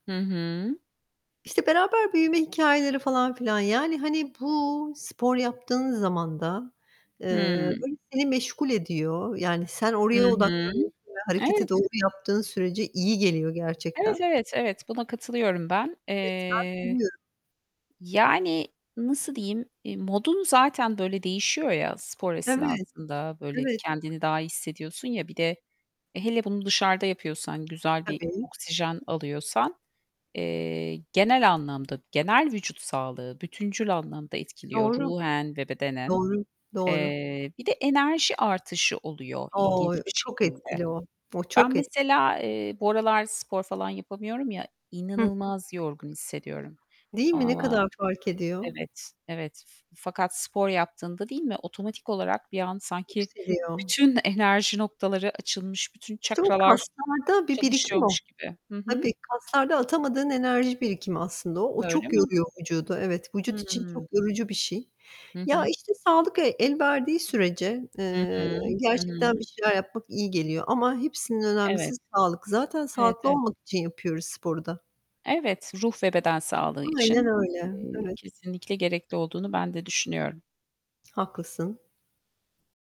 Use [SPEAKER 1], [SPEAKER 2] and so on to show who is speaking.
[SPEAKER 1] Hı hı.
[SPEAKER 2] İşte, beraber büyüme hikâyeleri falan filan, yani hani bu spor yaptığın zaman da, eee,
[SPEAKER 1] Hıı.
[SPEAKER 2] böyle seni meşgul ediyor. Yani sen
[SPEAKER 1] Hı
[SPEAKER 2] oraya
[SPEAKER 1] hı.
[SPEAKER 2] odaklanıyorsun ve hareketi
[SPEAKER 1] Evet.
[SPEAKER 2] doğru yaptığın sürece iyi geliyor
[SPEAKER 1] Evet,
[SPEAKER 2] gerçekten.
[SPEAKER 1] evet, evet, buna katılıyorum ben. Eee,
[SPEAKER 2] [unintelligible]
[SPEAKER 1] yani nasıl diyeyim, eee, modun zaten böyle değişiyor ya, spor
[SPEAKER 2] Evet,
[SPEAKER 1] esnasında böyle
[SPEAKER 2] evet.
[SPEAKER 1] kendini daha iyi hissediyorsun ya, bir de, e, hele bunu dışarıda yapıyorsan, güzel bir
[SPEAKER 2] Tabii.
[SPEAKER 1] oksijen alıyorsan, eee, genel anlamda, genel vücut sağlığı bütüncül anlamda etkiliyor,
[SPEAKER 2] Doğru.
[SPEAKER 1] ruhen ve bedenen.
[SPEAKER 2] Doğru. Doğru.
[SPEAKER 1] Eee, bir de enerji artışı oluyor ilginç
[SPEAKER 2] Oy,
[SPEAKER 1] bir
[SPEAKER 2] o çok
[SPEAKER 1] şekilde.
[SPEAKER 2] etkili o. O
[SPEAKER 1] Ben
[SPEAKER 2] çok etkili.
[SPEAKER 1] mesela, eee, bu aralar spor falan yapamıyorum ya,
[SPEAKER 2] Hı hı.
[SPEAKER 1] inanılmaz yorgun hissediyorum.
[SPEAKER 2] Değil mi? Ne
[SPEAKER 1] Ama
[SPEAKER 2] kadar fark ediyor?
[SPEAKER 1] Evet, evet fa fakat spor yaptığında, değil mi, otomatik olarak bir an sanki
[SPEAKER 2] Yükseliyor.
[SPEAKER 1] bütün enerji noktaları açılmış, bütün
[SPEAKER 2] [unintelligible]
[SPEAKER 1] çakralar
[SPEAKER 2] Kaslarda bir birikim o.
[SPEAKER 1] çalışıyormuş gibi. Hı hı.
[SPEAKER 2] Tabii, kaslarda atamadığın enerji birikimi aslında o. O
[SPEAKER 1] Öyle
[SPEAKER 2] çok
[SPEAKER 1] mi?
[SPEAKER 2] yoruyor vücudu, evet. Vücut için çok
[SPEAKER 1] Hıı.
[SPEAKER 2] yorucu bir şey.
[SPEAKER 1] Hı
[SPEAKER 2] Ya,
[SPEAKER 1] hı.
[SPEAKER 2] işte, sağlık e elverdiği sürece,
[SPEAKER 1] Hı
[SPEAKER 2] eee,
[SPEAKER 1] hı, hı
[SPEAKER 2] gerçekten bir
[SPEAKER 1] hı.
[SPEAKER 2] şeyler yapmak iyi geliyor ama hepsinden
[SPEAKER 1] Evet.
[SPEAKER 2] önemlisi sağlık. Zaten
[SPEAKER 1] Evet,
[SPEAKER 2] sağlıklı
[SPEAKER 1] evet.
[SPEAKER 2] olmak için yapıyoruz sporu da.
[SPEAKER 1] Evet, ruh ve beden sağlığı
[SPEAKER 2] Aynen
[SPEAKER 1] için,
[SPEAKER 2] öyle.
[SPEAKER 1] eee,
[SPEAKER 2] Evet.
[SPEAKER 1] kesinlikle gerekli olduğunu ben de düşünüyorum.
[SPEAKER 2] Haklısın.